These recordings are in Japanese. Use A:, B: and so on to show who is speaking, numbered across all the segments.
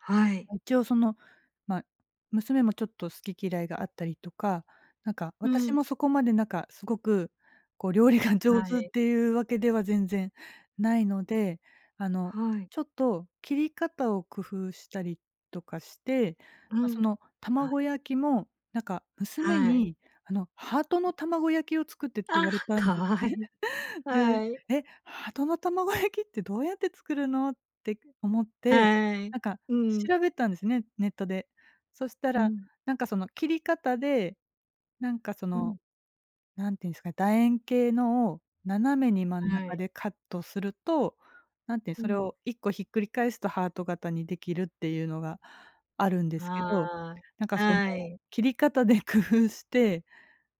A: はい。
B: 一応、その、ま、娘もちょっと好き嫌いがあったりとか、なんか、
A: う
B: 私
A: ん。
B: もそこまで、なんか、すごく、こう、料理が上
A: は
B: 手っ
A: い。
B: ていうわけでは全然ないので。あの、
A: はい。
B: ちょっと切り方を工夫したりとかして、
A: う
B: ま、そ
A: ん。
B: の、
A: はい。
B: 卵焼きも、なんか、娘
A: はい。
B: に、あの「ハートの卵焼きを作って」って
A: あ
B: 言
A: あ、
B: われたんです
A: 可愛い。
B: ね。で、
A: はい。
B: 「え、ハートの卵焼きってどうやって作るの？」て思って、
A: はい、
B: なんか、
A: うん。
B: 調べたんですね、ネットで。そした
A: う
B: ら、
A: ん。
B: なんか、その、切り方で、なんか、そ
A: う
B: の、
A: ん。
B: なんて言うんですか、楕円形のを斜めに真ん
A: は
B: 中
A: い。
B: でカットすると、なんていう、
A: う
B: それ
A: ん。
B: を1個ひっくり返すとハート型にできるっていうのがあるんですけど。
A: あ
B: なんか、
A: あ、
B: その、
A: はい。
B: 切り方で工夫して、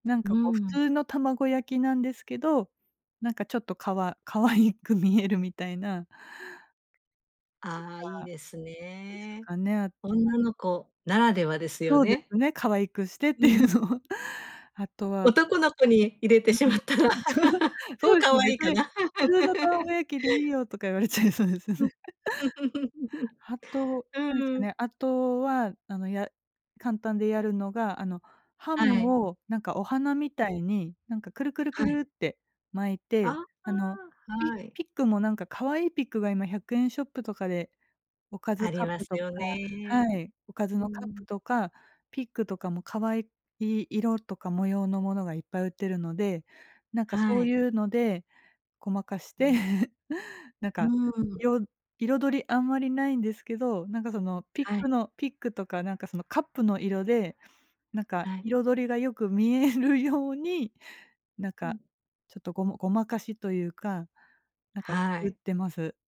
B: なん
A: う
B: か、こう、普
A: ん。
B: 通の卵焼きなんですけど、なんか、ちょっと、かわ可愛く見えるみたいな。
A: あ、いい
B: とか
A: です
B: です
A: ね。
B: かね、あとは。
A: 女の子ならではですよ
B: そうで
A: ね。
B: すね、可愛くしてっ
A: う
B: ていう
A: ん。
B: のは。あとは
A: 男の子に入れてし
B: う
A: ま
B: ん、
A: ったら、
B: そそ
A: 超
B: うです
A: 可
B: ね。
A: 愛
B: 「別
A: いか
B: に
A: な。
B: 普通の 卵焼きでいいよ」とか言われちゃいそうですよ
A: う
B: ね。
A: ん。
B: あと、何です
A: う
B: か
A: ん。
B: ね、あとは、あの、や簡単でやるのが、あの、ハ
A: はい。
B: ムを、なんか、お花み
A: うん。
B: たいに、なんか、クルクルク
A: は
B: ル
A: い。
B: って巻いて、
A: あ、
B: あの、ピ
A: はい。
B: ピックも、なんか、可愛いピックが今100円ショップとかでおかず
A: あ
B: カ
A: り
B: ッ
A: ま
B: プ
A: す
B: とか
A: よね。
B: はい、おかず
A: う
B: のカップ
A: ん。
B: とかピックとかも可愛い色とか模様のものがいっぱい売ってるので、なんか、そ
A: は
B: う
A: い。
B: いうのでごまかし
A: う
B: て、
A: ん。
B: なん
A: う
B: か、
A: ーん。
B: よ彩りあんまりないんですけど、なんか、その、ピッ
A: は
B: ク
A: い。
B: のピックとか、なんか、その、カップの色で、なんか、
A: はい。
B: 彩りがよく見えるようになん
A: う
B: か、
A: ん。
B: ちょっとごまごまかしというか、なんか、
A: は
B: 作っ
A: い。
B: てます。